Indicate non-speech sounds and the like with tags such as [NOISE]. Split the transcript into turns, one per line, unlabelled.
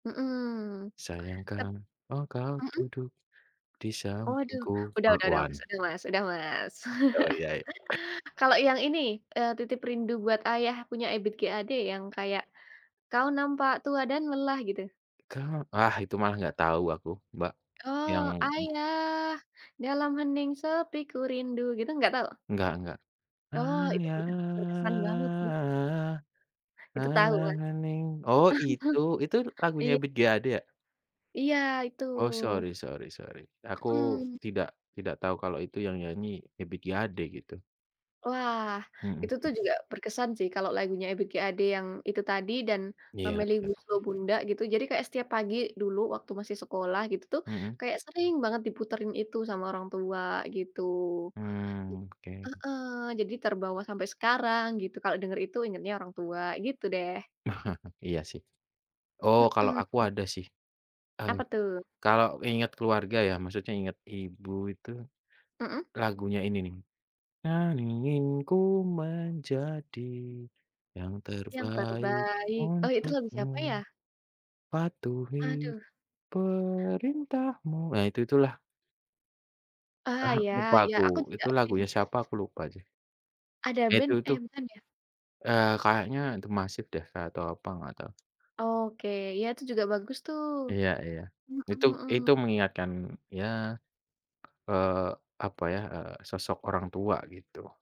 Mmm.
Sayang
Tep
kan engkau
mhm.
duduk di
Waduh,
sampingku
udah udah udah, Mas
bakwan.
udah, Mas udah, Mas.
Oh, iya i
[CHUCKLES] Kalau yang ini, eee, Titip Rindu Buat Ayah punya Ebiet G Ade yang kayak, kau nampak tua dan lelah, gitu.
Kau wah, itu malah nggak tahu aku, Mbak,
Oh,
yang mmm.
ayah dalam hening sepi kurindu, gitu nggak tahu?
Enggak enggak.
Oh, itu puten berkesan banget sih.
Ayah,
Itu tahu
dalam
kan?
hening oh, itu. Itu
[CHUCKLES]
lagunya
Iy
Ebiet G Ade ya?
Iya, itu.
Oh, sorry sorry sorry, aku
Mhm.
tidak tidak tahu kalau itu yang nyanyi Ebiet G Ade gitu.
Wah, itu tuh
Mhm.
juga berkesan sih kalau lagunya Ebiet G Ade yang itu tadi dan, eee,
Iya
Melly
iya.
Goeslaw Bunda gitu. Jadi kayak setiap pagi dulu waktu masih sekolah gitu tuh
Mmm.
kayak sering banget diputerin itu sama orang tua gitu.
Mmm, oke.
Heeh, jadi terbawa sampai sekarang gitu kalau denger itu ingetnya orang tua gitu deh.
[CHUCKLES] Iya sih. Oh, kalau aku
Mmm.
ada sih. Eee,
Apa tuh?
kalau ingat keluarga ya maksudnya ingat ibu itu,
Mmm.
lagunya ini nih, kau ingin ku menjadi yang
Yang
terbaik
terbaik, oh, itu lagu siapa
untukmu.
ya?
Patuhi
Aduh.
perintahmu. Nah itu itulah.
Ah,
Ah,
iya
lupa
iya,
aku
aku
itu
tidak ini sih
lagunya siapa aku lupa jeh.
ADA
Ya,
Band
itu
eh
tuh
bukan ya?
eee, kayaknya d'Masiv deh ka atau apa gak tau.
Oke, ya, itu juga bagus tuh.
Iya iya,
Mhm
itu itu
mhm.
mengingatkan ya, eee, apa ya, eee, sosok orang tua gitu.